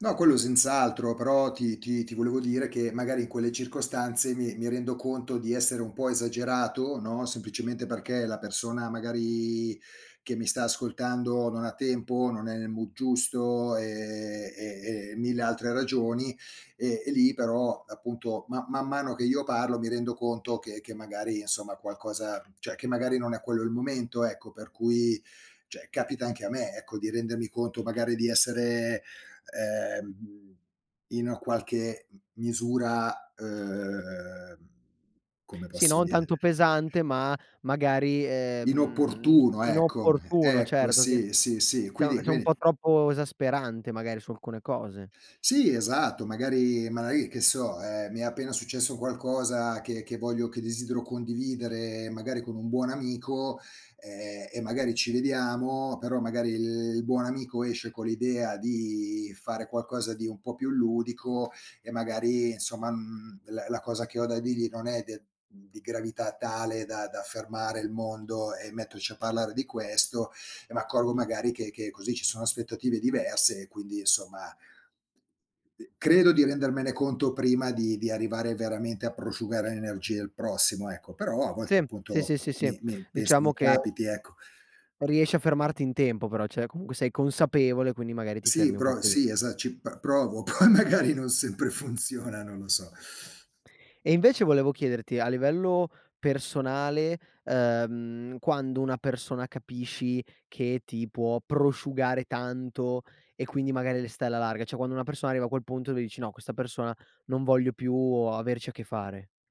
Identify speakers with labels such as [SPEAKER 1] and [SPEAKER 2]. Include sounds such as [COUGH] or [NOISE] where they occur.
[SPEAKER 1] No, quello senz'altro, però ti ti ti volevo dire che magari in quelle circostanze mi mi rendo conto di essere un po' esagerato, no, semplicemente perché la persona magari che mi sta ascoltando non ha tempo, non è nel mood giusto e e e mille altre ragioni. E e lì però, appunto, ma man mano che io parlo mi rendo conto che che magari insomma qualcosa cioè che magari non è quello il momento, ecco, per cui cioè capita anche a me, ecco, di rendermi conto magari di essere, ehm, mhmm, in qualche m misura, uhm, come
[SPEAKER 2] Sì,
[SPEAKER 1] posso
[SPEAKER 2] non
[SPEAKER 1] dire
[SPEAKER 2] tanto pesante, ma magari, ehm, mhmm, [UNINTELLIGIBLE]
[SPEAKER 1] inopportuno, ecco
[SPEAKER 2] inopportuno
[SPEAKER 1] Ecco
[SPEAKER 2] certo che
[SPEAKER 1] sì, sì, sì.
[SPEAKER 2] cioè o
[SPEAKER 1] Quindi
[SPEAKER 2] cioè un
[SPEAKER 1] quindi
[SPEAKER 2] po' troppo esasperante magari su alcune cose.
[SPEAKER 1] Sì esatto magari magari, che so, ehm, mi è appena successo qualcosa che che voglio che desidero condividere magari con un buon amico, ehm, e magari ci vediamo, però magari il buon amico esce con l'idea di fare qualcosa di un po' più ludico e magari insomma, mhmm, la la cosa che ho da dirgli non è de mhmm, di gravità tale da da fermare il mondo e metterci a parlare di questo. E m'accorgo magari che che così ci sono aspettative diverse e quindi insomma uhm, credo di rendermene conto prima di di arrivare veramente a prosciugare l'energia il prossimo, ecco. Però, a volte
[SPEAKER 2] Sì, sì,
[SPEAKER 1] appunto,
[SPEAKER 2] sì, sì, sì,
[SPEAKER 1] mi mi penso mi
[SPEAKER 2] diciamo che
[SPEAKER 1] capiti ecco.
[SPEAKER 2] riesci a fermarti in tempo però, cioè comunque sei consapevole, quindi magari ti
[SPEAKER 1] Sì
[SPEAKER 2] fermi un po'
[SPEAKER 1] pro
[SPEAKER 2] pri
[SPEAKER 1] sì esa ci pr provo, poi magari non sempre funziona, non lo so.
[SPEAKER 2] E invece volevo chiederti, a livello personale, ehm, quando una persona capisci che ti può prosciugare tanto e quindi magari le stai alla larga. Cioè quando una persona arriva a quel punto e lui dici: "No, questa persona non voglio più averci a che fare."